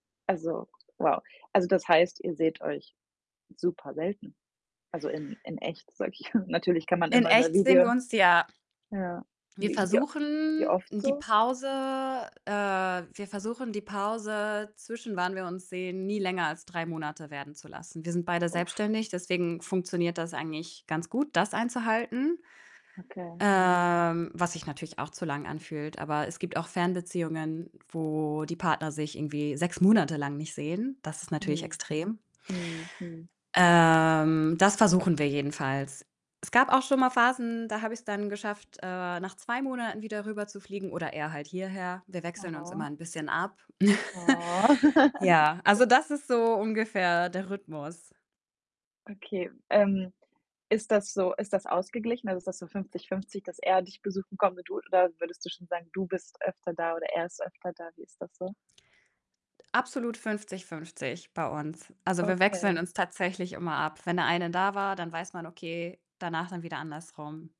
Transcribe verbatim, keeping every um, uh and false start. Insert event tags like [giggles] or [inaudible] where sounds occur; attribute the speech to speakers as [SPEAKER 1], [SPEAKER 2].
[SPEAKER 1] Also, wow. Also das heißt, ihr seht euch super selten? Also in in echt, sage ich. [chuckles] Natürlich kann man
[SPEAKER 2] In
[SPEAKER 1] immer über
[SPEAKER 2] echt sehen
[SPEAKER 1] Video
[SPEAKER 2] wir uns ja.
[SPEAKER 1] ja.
[SPEAKER 2] wir
[SPEAKER 1] Wie wie wie
[SPEAKER 2] versuchen
[SPEAKER 1] oft
[SPEAKER 2] die
[SPEAKER 1] so?
[SPEAKER 2] Pause, äh, wir versuchen die Pause, zwischen wann wir uns sehen, nie länger als drei Monate werden zu lassen. Wir sind beide selbstständig, deswegen funktioniert das eigentlich ganz gut, das einzuhalten,
[SPEAKER 1] Okay.
[SPEAKER 2] ähm, was sich natürlich auch zu lang anfühlt. Aber es gibt auch Fernbeziehungen, wo die Partner sich irgendwie sechs Monate lang nicht sehen. Das ist natürlich
[SPEAKER 1] Mhm.
[SPEAKER 2] extrem.
[SPEAKER 1] Mhm. Mhm.
[SPEAKER 2] Ähm, das versuchen wir jedenfalls. Es gab auch schon mal Phasen, da habe ich es dann geschafft, äh, nach zwei Monaten wieder rüber zufliegen oder er halt hierher. Wir wechseln uns
[SPEAKER 1] Oh.
[SPEAKER 2] immer 'n bisschen ab.
[SPEAKER 1] Ah.
[SPEAKER 2] [chuckles]
[SPEAKER 1] [giggles]
[SPEAKER 2] Ja, also das ist so ungefähr der Rhythmus.
[SPEAKER 1] Okay, ähm, ist das so ist das ausgeglichen? Also ist das so fünfzig fünfzig dass er dich besuchen kommt [unintelligible] oder würdest du schon sagen, du bist öfter da oder er ist öfter da? Wie ist das so?
[SPEAKER 2] Absolut fünfzig fünfzig bei uns. Also wir wechseln
[SPEAKER 1] Okay.
[SPEAKER 2] uns tatsächlich immer ab. Wenn der eine da war, dann weiß man, okay, danach dann wieder andersrum.